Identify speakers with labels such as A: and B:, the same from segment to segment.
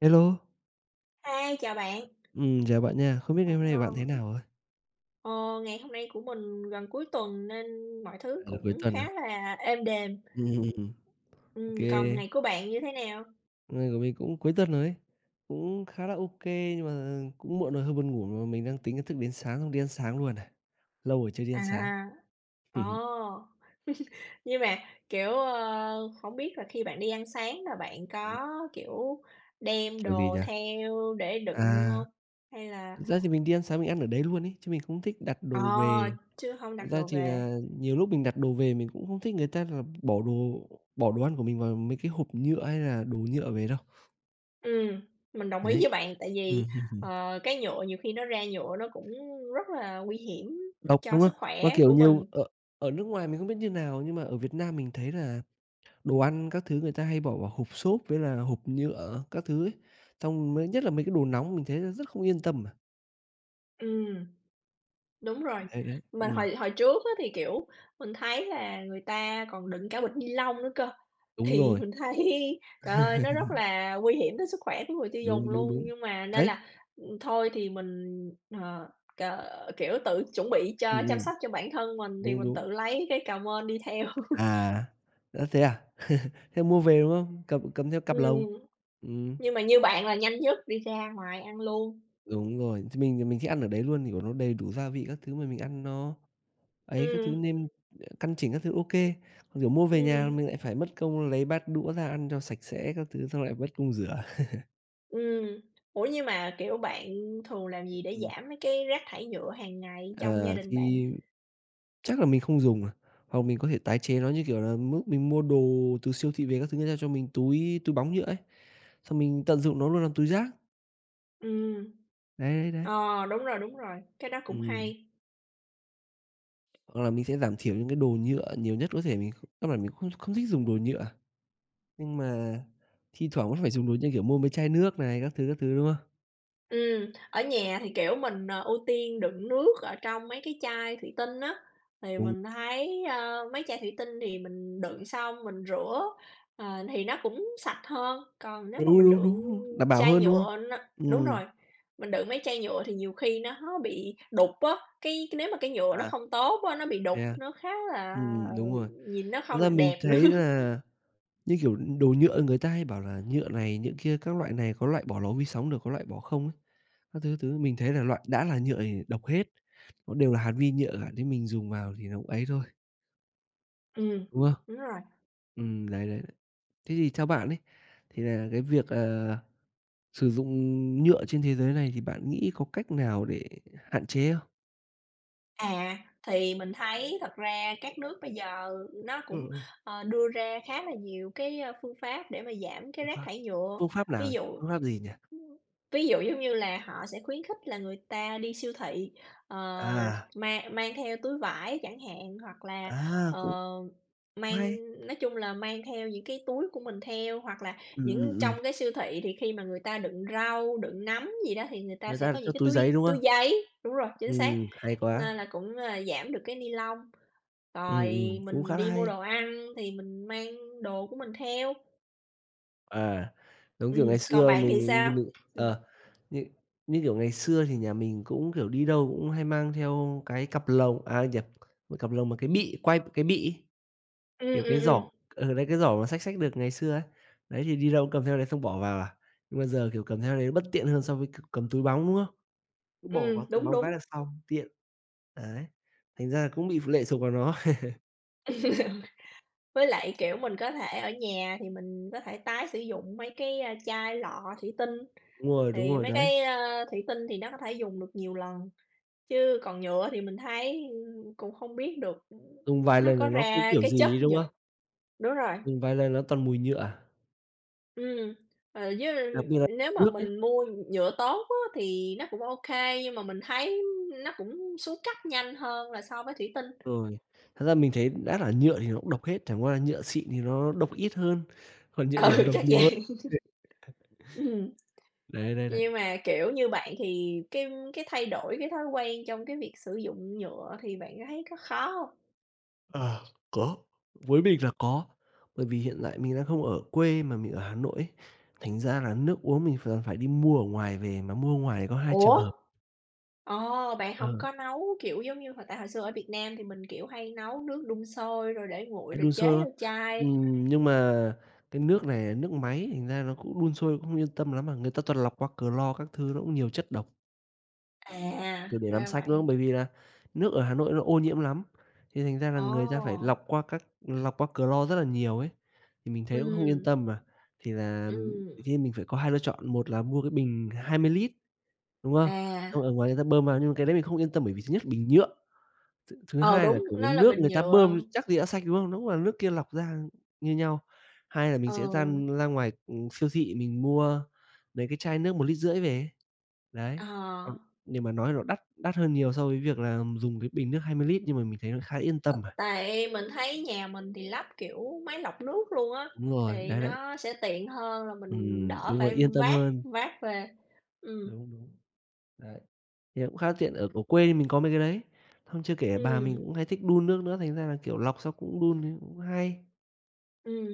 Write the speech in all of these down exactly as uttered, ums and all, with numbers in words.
A: Hello.
B: Hi, chào bạn.
A: Ừm, chào bạn nha, không biết ngày hôm nay của bạn thế
B: [unintelligible]
A: nào ạ?
B: Ờ, ngày hôm nay của mình gần cuối tuần nên mọi thứ
A: Ừ, cuối
B: cũng
A: tuần à.
B: khá là êm đềm.
A: Ừm. Ô
B: Ừm, còn
A: kê.
B: ngày của bạn như thế nào?
A: Hôm nay của mình cũng cuối tuần rồi ấy, cũng khá là ô kê nhưng mà cũng muộn rồi hơi buồn ngủ mà mình đang tính là thức đến sáng xong đi ăn sáng luôn này, lâu rồi chưa đi
B: À,
A: ăn sáng.
B: à. Ồ, nhưng mà, kiểu, ơ, hổng biết là khi bạn đi ăn sáng mà bạn có, kiểu, đem
A: Kiểu gì
B: đồ
A: nhỉ?
B: theo để đựng
A: À.
B: hông? Hay là
A: Thật ra thì mình đi ăn sáng mình ăn ở đấy luôn ấy, chứ mình không thích đặt
B: Ờ,
A: đồ về.
B: chứ hông
A: Thật
B: đặt
A: ra
B: đồ
A: thì
B: về.
A: là nhiều lúc mình đặt đồ về mình cũng không thích người ta là bỏ đồ bỏ đồ ăn của mình vào mấy cái hộp nhựa, hay là đồ nhựa về đâu.
B: Ừm, mình đồng ý
A: Đấy.
B: với bạn tại
A: Ừm.
B: vì, ờ, cái nhựa nhiều khi nó ra nhựa nó cũng rất là nguy hiểm
A: Độc,
B: cho
A: đúng không?
B: sức
A: Mà,
B: khỏe
A: kiểu,
B: của
A: nhiều
B: mình.
A: ở ở nước ngoài mình không biết như nào nhưng mà ở Việt Nam mình thấy là đồ ăn các thứ người ta hay bỏ vào hộp xốp, với là hộp nhựa các thứ ấy, xong mới nhất là mấy cái đồ nóng mình thấy rất không yên tâm mà.
B: Ừm. Đúng rồi.
A: Hay đấy,
B: Mình
A: ừm.
B: hồi hồi trước á thì, kiểu, mình thấy là người ta còn đựng cả bịch ni lông nữa cơ.
A: Đúng
B: Thì
A: rồi.
B: mình thấy trời ơi, nó rất là nguy hiểm tới sức khỏe của người tiêu dùng
A: Đúng, đúng,
B: luôn.
A: đúng.
B: Nhưng mà nên
A: Đấy.
B: là, ừm, thôi thì mình, ờ, k kiểu, tự chuẩn bị
A: Ừ,
B: cho chăm
A: ừm.
B: sóc cho bản thân mình thì
A: Đúng,
B: mình
A: đúng.
B: tự lấy cái mên đi theo.
A: À, ơ, thế à? Thế mua về, đúng không? Cầm cầm theo cặp lồng.
B: Ừm,
A: Ừm.
B: nhưng mà như bạn là nhanh nhất đi ra ngoài ăn luôn.
A: Đúng rồi, thì mình thì mình thích ăn ở đấy luôn vì nó đầy đủ gia vị các thứ, mà mình ăn nó ấy các thứ,
B: Ừm.
A: nêm căn chỉnh các thứ OK. Kiểu mua về nhà mà
B: Ừm.
A: mình lại phải mất công lấy bát đũa ra ăn cho sạch sẽ các thứ xong lại mất công rửa.
B: Ừm. Ủa nhưng mà, kiểu, bạn thường làm
A: Ừm,
B: gì để
A: ừm.
B: giảm mấy cái rác thải nhựa hàng ngày trong gia
A: Ờ,
B: đình bạn?
A: thì chắc là mình không dùng rồi, hoặc mình có thể tái chế nó, như kiểu là, mốt mình mua đồ từ siêu thị về các thứ, ta cho mình túi túi bóng nhựa ấy, xong mình tận dụng nó luôn làm túi rác.
B: Ừm.
A: Đấy, đấy, đấy.
B: Ờ, đúng rồi, đúng rồi. Cái đó cũng
A: Ừm.
B: hay.
A: Hoặc là mình sẽ giảm thiểu những cái đồ nhựa nhiều nhất có thể, mình kh căn bản mình không không thích dùng đồ nhựa, nhưng mà thi thoảng vẫn phải dùng đồ như, kiểu, mua mấy chai nước này, các thứ, các thứ, đúng không?
B: Ừm, ở nhà thì, kiểu, mình, ờ, ưu tiên đựng nước ở trong mấy cái chai thủy tinh á thì
A: Đúng.
B: mình thấy, ơ, mấy chai thủy tinh thì mình đựng xong mình rửa, ờ, thì nó cũng sạch hơn, còn nếu
A: Đúng,
B: mà mình
A: đúng, đúng,
B: đựng
A: đúng, đảm bảo
B: chai
A: hơn, đúng không?
B: nhựa nó đúng
A: Ừm.
B: rồi, mình đựng mấy chai nhựa thì nhiều khi nó bị đục á, cái cái nếu mà cái nhựa nó
A: À.
B: không tốt á, nó bị đục,
A: Thế à?
B: nó khá là,
A: Ừm, đúng
B: ừm,
A: rồi,
B: nhìn nó
A: thật
B: không
A: ra
B: được
A: mình
B: đẹp nữa.
A: thấy là, như kiểu, đồ nhựa người ta hay bảo là nhựa này, nhựa kia các loại này, có loại bỏ lò vi sóng được, có loại bỏ không á, các thứ, các thứ mình thấy là loại đã là nhựa thì độc hết, nó đều là hạt vi nhựa cả nên mình dùng vào thì nó cũng ấy thôi.
B: Ừm,
A: Đúng không?
B: đúng rồi.
A: Ừm, đấy, đấy. Thế thì theo bạn ấy thì là cái việc, ờ, sử dụng nhựa trên thế giới này thì bạn nghĩ có cách nào để hạn chế không?
B: À, thì mình thấy thật ra các nước bây giờ nó
A: Ờ,
B: cũng,
A: ờ.
B: ờ, đưa ra khá là nhiều cái, a, phương pháp để mà giảm cái
A: Phương
B: rác
A: pháp,
B: thải nhựa,
A: phương pháp
B: ví
A: nào?
B: dụ
A: Phương pháp gì nhỉ?
B: ví dụ, giống như là, họ sẽ khuyến khích là người ta đi siêu thị, ờ,
A: À!
B: mang mang theo túi vải chẳng hạn, hoặc là,
A: À! Cũng
B: ờ,
A: cũng
B: mang
A: hay.
B: nói chung là mang theo những cái túi của mình theo, hoặc là
A: Ừm,
B: những
A: ừm, ừm.
B: trong cái siêu thị thì khi mà người ta đựng rau, đựng nấm gì đó thì người ta
A: Người
B: sẽ
A: ta là
B: có
A: cho
B: những cái
A: túi
B: túi
A: giấy, đúng
B: túi
A: không?
B: giấy đúng rồi, chính xác,
A: Ừm, hay quá!
B: nên là cũng là giảm được cái nylon,
A: Ừm,
B: rồi
A: ừm, cũng khá
B: mình
A: là
B: đi mua
A: hay!
B: đồ ăn thì mình mang đồ của mình theo.
A: À, giống kiểu ngày
B: Ừm, còn
A: xưa
B: bạn thì
A: mình
B: sao?
A: mình, c đ
B: Ừm.
A: ờ, như như, kiểu, ngày xưa thì nhà mình cũng, kiểu, đi đâu cũng hay mang theo cái cặp lồng à, nhập cái cặp lồng mà cái bị quai của cái bị ấy,
B: Ừm,
A: kiểu, cái
B: ừm, ừm.
A: giỏ, ừ, đấy cái giỏ mà xách xách được ngày xưa ấy, đấy thì đi đâu cũng cầm theo đấy xong bỏ vào à. Nhưng mà giờ, kiểu, cầm theo đấy nó bất tiện hơn so với c cầm túi bóng, đúng không? Cứ bỏ vào
B: Ừm,
A: túi
B: đúng,
A: bóng cái
B: đúng.
A: là xong, tiện. Đấy, thành ra là cũng bị p lệ thuộc vào nó.
B: Với lại, kiểu, mình có thể ở nhà thì mình có thể tái sử dụng mấy cái chai lọ thủy tinh.
A: Đúng rồi, đúng
B: Thì
A: rồi
B: mấy
A: đấy.
B: cái, ơ, thủy tinh thì nó có thể dùng được nhiều lần, chứ còn nhựa thì mình thấy cũng không biết được
A: Dùng vài
B: nó
A: lần là
B: có
A: nó cứ,
B: ra
A: kiểu,
B: cái chất
A: gì ấy, đúng
B: nhựa
A: không?
B: đúng rồi.
A: Dùng vài lần là toàn mùi nhựa à?
B: Ừm, ờ, với
A: Đặc biệt là
B: nếu mà
A: nước ấy.
B: mình mua nhựa tốt á thì nó cũng ô kê, nhưng mà mình thấy nó cũng xuống cấp nhanh hơn là so với thủy tinh.
A: Rồi, thật ra mình thấy cũng đã là nhựa thì nó cũng độc hết, chẳng qua là nhựa xịn thì nó độc ít hơn, còn nhựa đểu
B: Ừ,
A: độc
B: chắc
A: nhiều hơn.
B: vậy. Ừm,
A: Đấy, đấy, đấy.
B: nhưng mà, kiểu, như bạn thì cái cái thay đổi cái thói quen trong cái việc sử dụng nhựa thì bạn thấy có khó không?
A: À, có. Với mình là có, bởi vì hiện lại mình đang không ở quê mà mình ở Hà Nội ấy, thành ra là nước uống mình ph phải đi mua ở ngoài về, mà mua ngoài thì có hai trường
B: Ủa?
A: hợp.
B: Ồ, bạn hông
A: Ờ.
B: có nấu, kiểu, giống như hoặc tại hồi xưa ở Việt Nam thì mình, kiểu, hay nấu nước đun sôi rồi để nguội
A: Hay
B: rồi
A: đun
B: chế
A: sôi, đúng không?
B: vô chai.
A: Ừm, nhưng mà cái nước này nước máy thành ra nó cũng đun sôi cũng không yên tâm lắm mà, người ta toàn lọc qua Clo các thứ, nó cũng nhiều chất độc.
B: À,
A: Ừ, để làm
B: ra
A: sạch, đúng không?
B: vậy.
A: Bởi vì là nước ở Hà Nội nó ô nhiễm lắm, thì thành ra là người ta phải
B: Ồ.
A: lọc qua các lọc qua Clo rất là nhiều ấy, thì mình thấy nó cũng không yên
B: Ừm.
A: tâm mà, thì là, ừm,
B: Ừm
A: khi mình phải có hai lựa chọn, một là mua cái bình hai mươi lít, đúng không?
B: À.
A: Xong ở ngoài người ta bơm vào nhưng mà cái đấy mình không yên tâm bởi vì thứ nhất là bình nhựa, th thứ
B: Ờ,
A: hai là,
B: đúng,
A: kiểu, cái
B: nó là
A: nước
B: bình
A: người ta bơm
B: nhựa.
A: chắc gì đã sạch, đúng không? Đúng là nước kia lọc ra như nhau, hai là mình sẽ ra
B: Ừ.
A: ra ngoài, ừm, siêu thị mình mua mấy cái chai nước một lít rưỡi về. Đấy,
B: Ờ.
A: ừm, nhưng mà nói là nó đắt đắt hơn nhiều so với việc là dùng cái bình nước hai mươi lít, nhưng mà mình thấy nó khá yên tâm à.
B: Tại mình thấy nhà mình thì lắp, kiểu, máy lọc nước luôn á,
A: Đúng rồi,
B: thì
A: đấy, đấy.
B: nó sẽ tiện hơn là mình
A: Ừm,
B: đỡ
A: đúng rồi,
B: phải
A: yên tâm
B: vác
A: hơn.
B: vác về. Ừm.
A: Đúng, đúng, đấy, thì cũng khá là tiện, ở ở, quê mình có mấy cái đấy, xong chưa kể bà mình
B: Ừm.
A: cũng hay thích đun nước nữa, thành ra là, kiểu, lọc xong cũng đun cũng hay.
B: Ừm,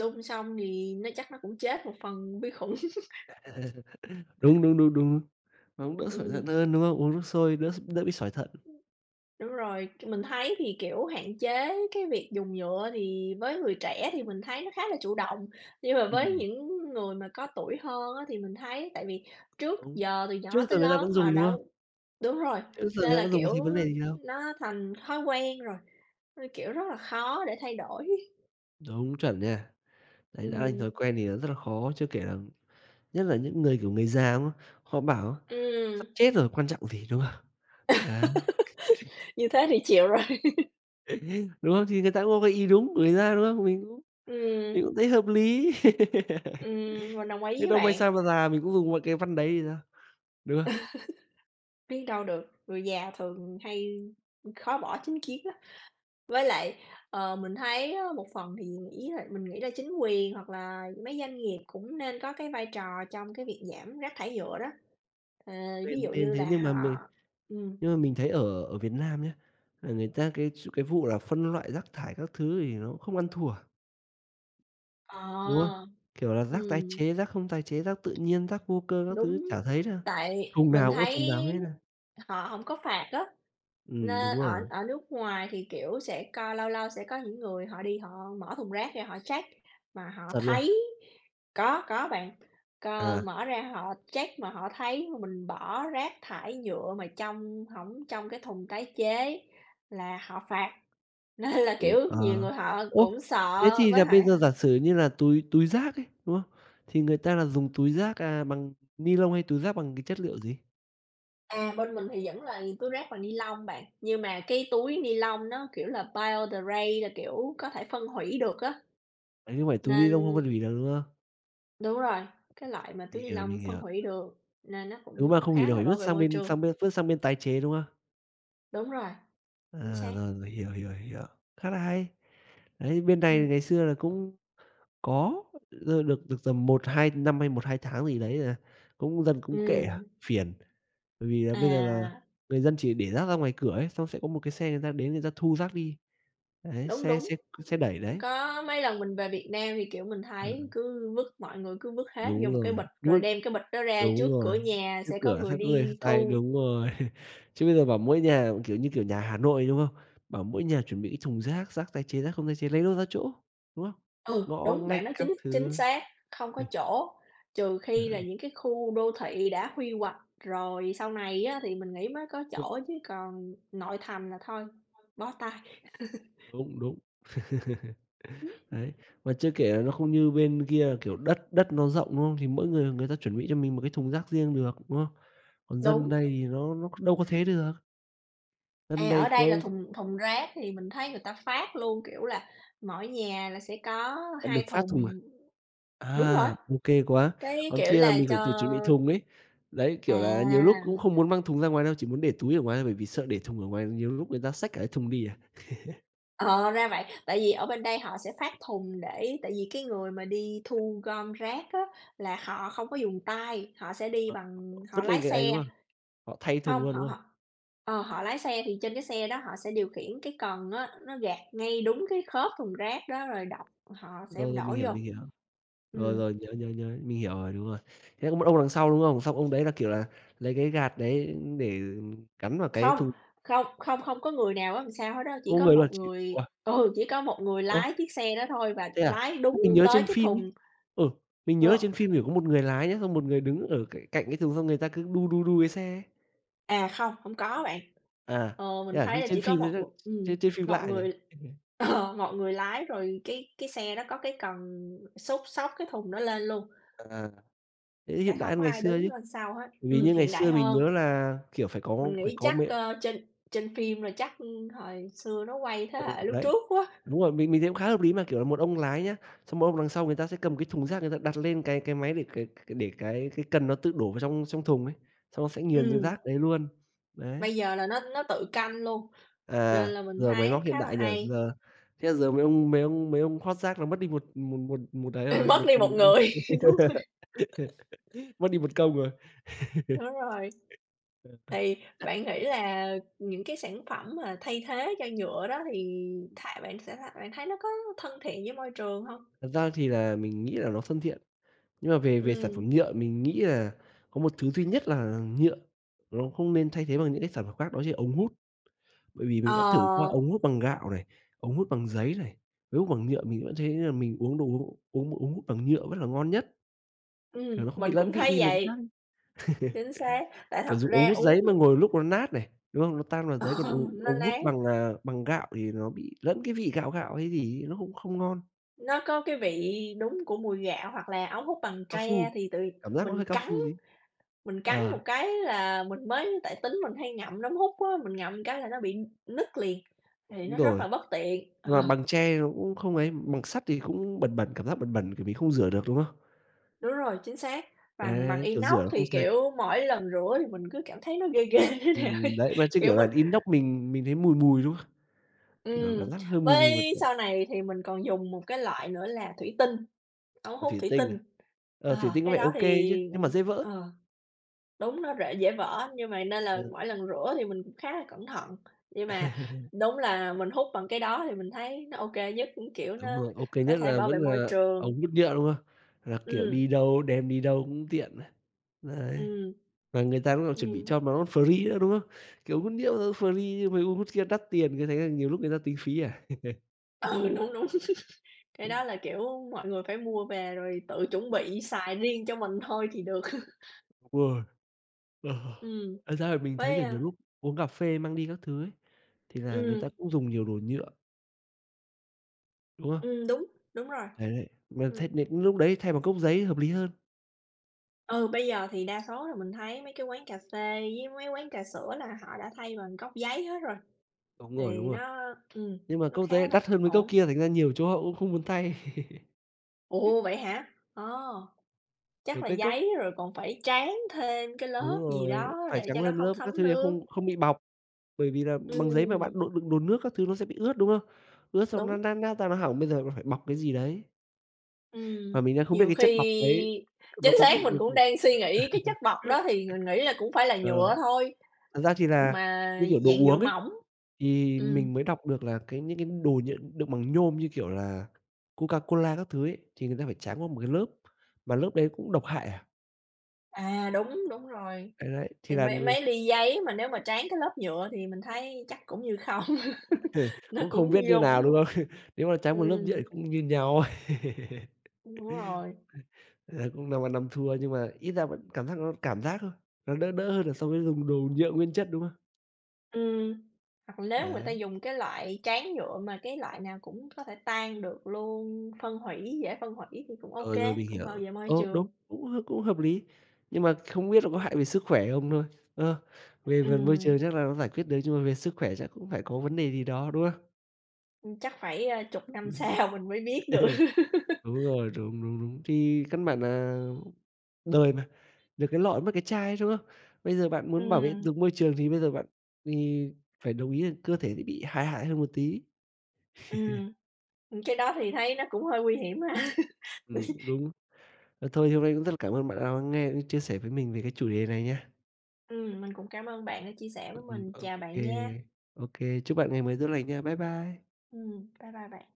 B: đun xong thì nó chắc nó cũng chết một phần vi khuẩn.
A: Đúng, đúng, đúng, đúng, đúng, nó cũng đỡ sỏi
B: Ừm.
A: thận hơn, đúng không? Uống nước sôi đỡ s đỡ bị sỏi thận.
B: Đúng rồi, c mình thấy thì, kiểu, hạn chế cái việc dùng nhựa thì với người trẻ thì mình thấy nó khá là chủ động, nhưng mà với
A: Ừm.
B: những người mà có tuổi hơn á thì mình thấy tại vì trước
A: Đúng,
B: giờ từ
A: trước
B: nhỏ
A: giờ
B: tới
A: người ta
B: lớn
A: vẫn
B: họ
A: dùng, đúng không?
B: đâu đúng rồi,
A: Trước giờ người
B: nên
A: ta
B: là,
A: vẫn dùng có
B: kiểu,
A: thấy vấn đề gì đâu.
B: nó thành thói quen rồi, nó, kiểu, rất là khó để thay đổi.
A: Đúng, chuẩn nha. Đấy, đã thành
B: Ừm.
A: thói quen thì nó rất là khó, chưa kể là nhất là những người, kiểu, người già, đúng không? Họ bảo:
B: Ừm.
A: "Sắp chết rồi quan trọng gì", đúng không? Đấy.
B: Như thế thì chịu rồi.
A: Đúng không? Thì người ta cũng có cái ý đúng của người ta, đúng không? Mình cũng mình
B: Ừm.
A: cũng thấy hợp lý.
B: Ừm, mình đồng ý
A: Biết
B: với
A: đâu mai
B: bạn.
A: sau mà già mình cũng dùng một cái văn đấy thì sao, đúng không?
B: Biết đâu được, người già thường hay, ờ, khó bỏ chính kiến lắm. Với lại, ờ, mình thấy á một phần thì nghĩ là mình nghĩ là chính quyền hoặc là mấy doanh nghiệp cũng nên có cái vai trò trong cái việc giảm rác thải nhựa đó. Ờ, ví
A: Nên
B: dụ
A: nên
B: như
A: thế,
B: là
A: nhưng mà
B: họ
A: mình
B: ừm.
A: nhưng mà mình thấy ở ở Việt Nam nhá, là người ta cái ch cái vụ là phân loại rác thải các thứ thì nó không ăn thua. Đúng không?
B: Ờ.
A: Kiểu là, rác tái
B: Ừm.
A: chế, rác không tái chế, rác tự nhiên, rác vô cơ các thứ
B: Đúng,
A: chả thấy đâu,
B: tại
A: thùng
B: mình
A: nào cũng là thùng nào
B: thấy
A: hết a.
B: họ hổng có phạt á,
A: Ừm,
B: nê
A: đúng
B: ở
A: rồi.
B: ở nước ngoài thì, kiểu, sẽ co lâu lâu sẽ có những người họ đi họ mở thùng rác ra họ check, mà họ
A: Chuẩn luôn.
B: thấy có có bạn, c
A: À.
B: mở ra họ check mà họ thấy mà mình bỏ rác thải nhựa mà trong hổng trong cái thùng tái chế là họ phạt, nên là,
A: Ồ,
B: kiểu,
A: à.
B: nhiều người họ
A: Ủa,
B: cũng
A: thế
B: sợ
A: thì
B: với
A: là
B: hại,
A: bây
B: ơ
A: giờ giả sử như là túi túi rác ấy, đúng không? Thì người ta là dùng túi rác, à, bằng ni-lông hay túi rác bằng cái chất liệu gì?
B: À, bên mình thì vẫn là túi rác bằng nilon bạn, nhưng mà cái túi nilon nó kiểu là biodegrade là, kiểu, có thể phân hủy được á,
A: À, như vậy túi
B: nên
A: nilon không phân huỷ được, đúng không?
B: Đúng rồi, cái loại mà túi
A: Mình hiểu, mình
B: nilon phân
A: hiểu.
B: hủy được nên nó
A: Đúng
B: cũng
A: mà, không hủy
B: khá
A: được
B: là
A: thì
B: bảo
A: vứt
B: vệ
A: sang
B: môi
A: bên sang
B: trường.
A: bên vứt sang bên tái chế, đúng không?
B: Đúng rồi. Chính
A: À!
B: xác.
A: Rồi, mình hiểu, hiểu, hiểu, khá là hay. Đấy, bên này thì
B: Ừm.
A: ngày xưa là cũng có [unintelligible] ơ, được được tầm một hai năm hay một hai tháng gì đấy, à, cũng dần cũng kệ à,
B: Ừm.
A: phiền. Bởi vì là bây giờ là
B: À!
A: người dân chỉ để rác ra ngoài cửa ấy, xong sẽ có một cái xe người ta đến người ta thu rác đi, đấy,
B: Đúng,
A: xe
B: đúng,
A: xe xe đẩy đấy.
B: có mấy lần mình về Việt Nam thì, kiểu, mình thấy
A: [unintelligible]
B: cứ vứt, mọi người cứ vứt hết vô
A: Đúng
B: một cái
A: rồi,
B: bịch, rồi
A: vứt
B: đem cái bịch đó ra trước
A: đúng rồi,
B: cửa nhà
A: trước
B: sẽ có
A: cửa
B: người
A: [unintelligible]
B: đi
A: xách tay
B: thu.
A: đúng rồi, chứ bây giờ bảo mỗi nhà, kiểu như, kiểu, nhà Hà Nội, đúng không? Bảo mỗi nhà chuẩn bị cái thùng rác, rác tái chế, rác không tái chế, lấy đâu ra chỗ, đúng không?
B: Ừ,
A: Ngõ
B: đúng,
A: ngách
B: bạn nói
A: các
B: chính chính
A: thứ.
B: xác, không có
A: [unintelligible]
B: chỗ, trừ khi là
A: [unintelligible]
B: những cái khu đô thị đã huy hoạch rồi sau này á thì mình nghĩ mới có
A: Ồ.
B: chỗ, chứ còn nội thành là thôi, bó tay.
A: Đúng, đúng.
B: [unintelligible]
A: Đấy, và chưa kể là nó không như bên kia là, kiểu, đất đất nó rộng, đúng không? Thì mỗi người người ta chuẩn bị cho mình một cái thùng rác riêng được, đúng không? Còn dân
B: Đúng.
A: đây thì nó nó đâu có thế được. Hân
B: À,
A: đây
B: ở
A: có
B: đây là thùng thùng rác thì mình thấy người ta phát luôn, kiểu là, mỗi nhà là sẽ có
A: À,
B: hai
A: được phát thùng, à,
B: thùng. Đúng rồi,
A: à, OK quá,
B: cái
A: còn
B: kiểu
A: kia là
B: là
A: mình phải
B: cho
A: tự chuẩn bị thùng ấy. Đấy, kiểu là, nhiều lúc
B: À.
A: cũng không muốn mang thùng ra ngoài đâu, chỉ muốn để túi ở ngoài thôi, bởi vì sợ để thùng ở ngoài nhiều lúc người ta xách cả cái thùng đi à.
B: Ờ, ra vậy, tại vì ở bên đây họ sẽ phát thùng để tại vì cái người mà đi thu gom rác á, là họ không có dùng tay, họ sẽ đi
A: Ờ,
B: bằng họ
A: vứt
B: lái
A: lên cái ấy, đúng
B: xe.
A: không? Họ thay thùng
B: Hông,
A: luôn,
B: họ
A: đúng không?
B: họ, ờ, họ lái xe thì trên cái xe đó họ sẽ điều khiển cái cần á, nó gạt ngay đúng cái khớp thùng rác đó rồi đọc họ sẽ
A: Rồi, rồi, mình
B: đổ
A: hiểu,
B: vô.
A: mình hiểu. Rồi,
B: Ừm.
A: rồi, nhớ, nhớ, nhớ, mình hiểu rồi, đúng rồi, thế có một ông đằng sau, đúng không? Xong ông đấy là, kiểu là, lấy cái gạt đấy để gắn vào cái
B: Không,
A: thùng.
B: không, không, không có người nào ở đằng sau hết á,
A: Không
B: chỉ
A: có
B: có
A: người luôn,
B: một
A: chịu.
B: người
A: Wow!
B: ừ, chỉ có một người
A: Ô!
B: lái chiếc xe đó thôi, và
A: Thế à,
B: lái
A: sao
B: đúng
A: mình nhớ
B: tới
A: trên
B: cái
A: phim ấy,
B: thùng
A: ừ, mình nhớ là trên
B: ờ.
A: phim, kiểu, có một người lái nhá, xong một người đứng ở cạnh cạnh cái thùng xong người ta cứ đu, đu, đu cái xe ấy.
B: À, không, hông có bạn.
A: À,
B: Ờ,
A: thế
B: mình
A: à,
B: thấy
A: thế
B: là
A: trên
B: chỉ có
A: phim nó
B: một
A: rất
B: một ừm,
A: trên trên phim
B: một
A: lạ nhỉ?
B: người, ờ, một người lái rồi cái cái xe nó có cái cần xúc, xốc cái thùng đó lên luôn.
A: À, thế
B: Sẽ
A: hiện đại
B: không
A: hơn
B: có
A: ngày
B: ai
A: xưa
B: đứng
A: chứ,
B: ở sau hết,
A: bởi vì
B: ừm,
A: như ngày
B: hiện đại
A: xưa mình
B: hơn.
A: nhớ là, kiểu, phải có,
B: Mình
A: p hải
B: nghĩ
A: có
B: chắc,
A: mẹ.
B: ơ, trên trên phim rồi chắc, ừm, thời xưa nó quay thế
A: Ừ,
B: hệ lúc
A: đấy,
B: trước quá.
A: đúng rồi, mình mình thấy cũng khá hợp lý mà. Kiểu là một ông lái nhá, xong một ông đằng sau người ta sẽ cầm cái thùng rác, người ta đặt lên cái cái máy để cái c để cái cái cần nó tự đổ vào trong trong thùng ấy, xong nó sẽ nghiền ra
B: Ừm.
A: rác đấy luôn, đấy.
B: Bây giờ là nó nó tự canh luôn, nên
A: À,
B: là mình
A: giờ máy móc
B: thấy
A: hiện
B: khá là
A: đại nhỉ,
B: hay.
A: giờ thế là giờ mấy ông mấy ông mấy ông hót rác là mất đi một một một một ấy
B: Ừm,
A: rồi,
B: mất
A: một
B: đi một
A: thùng
B: người. Đúng rồi.
A: Mất đi một công rồi. Ờ ha.
B: Đúng rồi. Thì bạn nghĩ
A: [unintelligible]
B: là những cái sản phẩm mà thay thế cho nhựa đó, thì thà bạn sẽ thà bạn thấy nó có thân thiện với môi trường hông?
A: Thật ra thì là mình nghĩ là nó thân thiện, nhưng mà về về sản
B: Ừm.
A: phẩm nhựa mình nghĩ là có một thứ duy nhất là nhựa nó không nên thay thế bằng những cái sản phẩm khác, đó chính là ống hút. Bởi vì mình đã thử qua
B: Ờ.
A: ống hút bằng gạo này, ống hút bằng giấy này, ống hút bằng nhựa mình vẫn thấy là mình uống đồ uống uống ống hút bằng nhựa vẫn là ngon nhất. Kiểu,
B: Ừm,
A: nó không bị
B: mình
A: lẫn
B: cũng
A: vị
B: thấy
A: đi mấy cái khác
B: vậy.
A: ấy,
B: Chính xác, tại thật
A: kiểu, dùng ống
B: ra
A: hút giấy
B: uống
A: mà ngồi lúc nó nát này, đúng không? Nó tan vào
B: Ờ,
A: giấy còn uống
B: nó
A: ống hút
B: nán.
A: bằng, à, bằng gạo, thì nó bị lẫn cái vị gạo, gạo hay gì ấy nó không không ngon.
B: Nó có cái vị đúng của mùi gạo hoặc là ống hút bằng
A: Cao
B: tre
A: su,
B: thì từ
A: cảm giác nó hơi
B: mình
A: cao
B: cắn
A: su tí.
B: mình cắn một
A: Ờ.
B: cái là mình mới tại tính mình hay ngậm ống hút á, mình ngậm cái là nó bị nứt liền, thì
A: Đúng
B: nó rất
A: rồi,
B: là bất tiện,
A: nhưng
B: ờ.
A: mà bằng tre nó cũng không ấy, bằng sắt thì cũng bẩn bẩn, cảm giác bẩn bẩn tại vì không rửa được, đúng không?
B: Đúng rồi, chính xác, bằng bằng
A: Đấy, kiểu,
B: inox
A: rửa nó không
B: thì,
A: sạch.
B: kiểu, mỗi lần rửa thì mình cứ cảm thấy nó ghê ghê thế nào
A: Ừm,
B: ấy,
A: đấy, mà chứ,
B: kiểu,
A: kiểu, là
B: mình
A: inox mình mình thấy mùi mùi, đúng không? Kiểu,
B: Ừm,
A: cảm giác hơi mùi mùi mà,
B: với
A: kiểu
B: sau này thì mình còn dùng một cái loại nữa là thủy tinh, ống
A: Ờ,
B: hút
A: thuỷ
B: thủy
A: tinh
B: tinh.
A: à? Ờ, thủy
B: Ờ,
A: tinh có
B: cái
A: vẻ ô
B: đó
A: kê chứ,
B: thì
A: nhưng mà dễ vỡ.
B: ờ, đúng nó rễ dễ vỡ á, nhưng mà nên là
A: Ừ.
B: mỗi lần rửa thì mình cũng khá là cẩn thận. Nhưng mà đúng là mình hút bằng cái đó thì mình thấy nó ô kê nhất, cũng, kiểu, nó
A: Đúng rồi, ô kê
B: có
A: nhất
B: thể
A: là
B: bảo vệ
A: vẫn
B: môi
A: là
B: trường.
A: ống hút nhựa, đúng không? Là, kiểu,
B: Ừm.
A: đi đâu, đem đi đâu cũng tiện ấy. Đấy,
B: Ừm.
A: và người ta cũng còn chuẩn bị cho
B: Ừm.
A: mà nó free nữa, đúng không? Kiểu, hút nhựa, ơ, free chứ mấy ống hút kia đắt tiền cứ thế là nhiều lúc người ta tính phí à.
B: Ừ, đúng, đúng. Cái đó là, kiểu, mọi người phải mua về rồi tự chuẩn bị xài riêng cho mình thôi thì được.
A: Ôi. Ờ, ờ,
B: Ừm,
A: thật ra thì mình thấy,
B: với,
A: kiểu, nhiều
B: a
A: lúc uống cà phê mang đi các thứ ấy thì là người ta
B: Ừm.
A: cũng dùng nhiều đồ nhựa. Đúng không?
B: Ừm, đúng, đúng rồi.
A: Đấy, đấy, mà thấy
B: Ừm.
A: này lúc đấy thay bằng cốc giấy hợp lý hơn.
B: Ừ, bây giờ thì đa số là mình thấy mấy cái quán cà phê với mấy quán trà sữa là họ đã thay bằng cốc giấy hết rồi,
A: Đúng rồi, đúng
B: thì
A: rồi,
B: nó ừm,
A: nhưng mà
B: nó
A: cốc giấy
B: khá
A: lại
B: là
A: đắt hơn mấy cốc
B: ổn.
A: kia, thành ra nhiều chỗ họ cũng không muốn thay.
B: Ồ, vậy hả? Ơ,
A: Kiểu,
B: chắc là
A: cái cốc
B: giấy rồi còn phải tráng thêm cái
A: Đúng
B: lớp gì
A: rồi,
B: đó
A: phải
B: để
A: tráng
B: cho nó
A: lên một
B: không
A: lớp các thứ
B: thấm
A: thì
B: nước.
A: không không bị bọc, bởi vì là bằng giấy mà bạn,
B: Ừm.
A: đồ đựng đồ nước các thứ nó sẽ bị ướt, đúng không? Ướt xong nó
B: Đúng.
A: nát nát ra, nó hỏng, bây giờ là phải bọc cái gì đấy. Và
B: Ừm,
A: mình đang không biết
B: nhiều
A: cái chất bọc đấy
B: khi
A: nó
B: chính
A: có
B: xác
A: bị
B: mình cũng
A: [unintelligible]
B: đang suy nghĩ cái chất bọc đó thì mình nghĩ là cũng phải là
A: ờ,
B: nhựa thôi,
A: thật ra thì là
B: mà
A: như, kiểu, đồ
B: dạng nhựa
A: uống ấy,
B: mỏng.
A: thì
B: Ừm.
A: mình mới đọc được là cái những cái đồ nh đựng bằng nhôm như, kiểu, là Coca-Cola các thứ ấy, thì người ta phải tráng qua một cái lớp mà lớp đấy cũng độc hại à.
B: À, đúng, đúng rồi.
A: Đấy đấy, thì
B: Thì
A: là
B: mấy
A: ng
B: mấy ly giấy mà nếu mà tráng cái lớp nhựa thì mình thấy chắc cũng như không, nó
A: Cũng
B: cũng
A: không biết như
B: vô
A: nào, đúng không?
B: bụng.
A: Nếu mà tráng một lớp nhựa
B: Ừm.
A: cũng như nhau.
B: Đúng rồi.
A: Ờ, cũng năm ăn năm thua nhưng mà ít ra vẫn cảm giác nó cảm giác thôi, nó đỡ đỡ hơn là so với dùng đồ nhựa nguyên chất, đúng không?
B: Ừm, hoặc là nếu người ta
A: Đấy.
B: dùng cái loại tráng nhựa mà cái loại nào cũng có thể tan được luôn, phân hủy dễ phân hủy thì cũng OK,
A: Ờ, rồi mình
B: cũng
A: hiểu,
B: bảo vệ môi
A: ồ,
B: trường.
A: đúng, cũng h cũng hợp lý, nhưng mà không biết là có hại về sức khỏe không thôi. Ơ, về phần môi
B: Ừm.
A: trường chắc là nó giải quyết được nhưng mà về sức khỏe chắc cũng phải có vấn đề gì đó, đúng không?
B: Ừm, chắc phải, ờ, chục năm
A: Ừm.
B: sau mình mới biết được.
A: Đúng rồi, đúng, đúng, đúng thì căn bản nà đời mà, được cái lọ mất cái chai, đúng không? Bây giờ bạn muốn bảo vệ
B: Ừm.
A: được môi trường, thì bây giờ bạn vì phải đồng ý là cơ thể dễ bị hại hại hơn một tí.
B: Ừm. Ưm, cái đó thì thấy nó cũng hơi nguy hiểm ha.
A: Ừm, cũng đúng. À, thôi thì hôm nay cũng rất là cảm ơn bạn đã lắng nghe cũng như chia sẻ với mình về cái chủ đề này nha.
B: Ừm, mình cũng cảm ơn bạn đã chia sẻ với
A: Ừm,
B: mình, chào
A: OK,
B: bạn nha.
A: OK. Chúc bạn ngày mới tốt lành nha. Bye bye.
B: Ừm, bye bye bạn.